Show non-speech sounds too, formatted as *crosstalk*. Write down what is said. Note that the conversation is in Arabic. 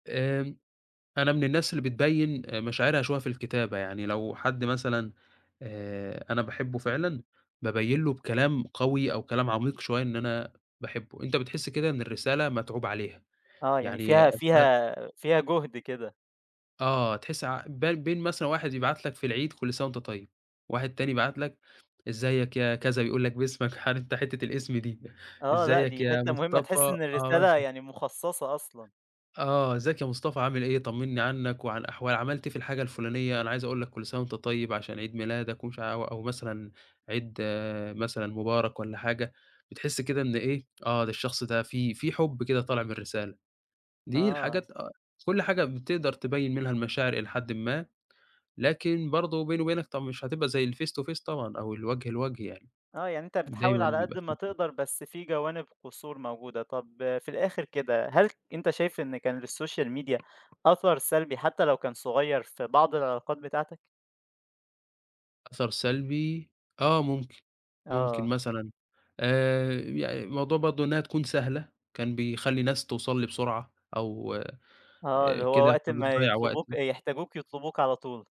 آمم. أنا من الناس اللي بتبيّن آآ مشاعرها شوية في الكتابة يعني لو حد مثلًا آآ أنا باحبه فعلًا، بابيّن له بكلام قوي أو كلام عميق شوية إن أنا باحبه، أنت بتحس كده إن الرسالة متعوب عليها، آه يعني يعني فيها أثناء فيها فيها جُهد كده. آه تحس ع بال بين مثلًا واحد يبعت لك في العيد كل سَنة وأنت طيب، واحد تاني يبعت لك إزيك يا كذا، يقول لك باسمك عارف أنت حتة الإسم دي آه لأ إزيك دي يا حتة مهمة مصطفى تحس إن آه الرسالة مثلًا. يعني مخصّصة أصلًا. آه. إزيك يا مصطفى، عامل إيه؟ طمنّي عنّك وعن أحوا عملت إيه في الحاجة الفُلانية؟ أنا عايز أقول لك كل سَنة وأنت طيب عشان عيد ميلادك ومش ع وأو مثلًا عيد مثلًا مبارك والّا حاجة، بتحس كده إن إيه، آه ده الشخص ده في في حُب كده طالع من الرسالة، دي آه. الحاجات أ كل حاجة بتقدر تبيّن منها المشاعر إلى حدٍ ما، لكن برضه وبيني وبينك طَب مش هتبقى زي الface to face طبعًا أو الوجه لوجه يعني، آه يعني أنت بتحاول ودايمًا على قد بيبقى ما *unintelligible* تقدر، بس في جوانب قصور موجودة طَب في الأخر كده هل أنت شايف إن كان للsocial media أثر سلبي حتى لو كان صغيّر في بعض العلاقات بتاعتك؟ أثر سلبي، آه ممكن، ممكن آه. مثلًا آآ يع موضوع برضه إنها تكون سهلة كان بيخلّي الناس توصل لي بسرعة أو آه آآ اللي هو كده وقت ما فبتضيّع يطلبوك وقتي. آآ يحتاجوك يطلبوك على طول.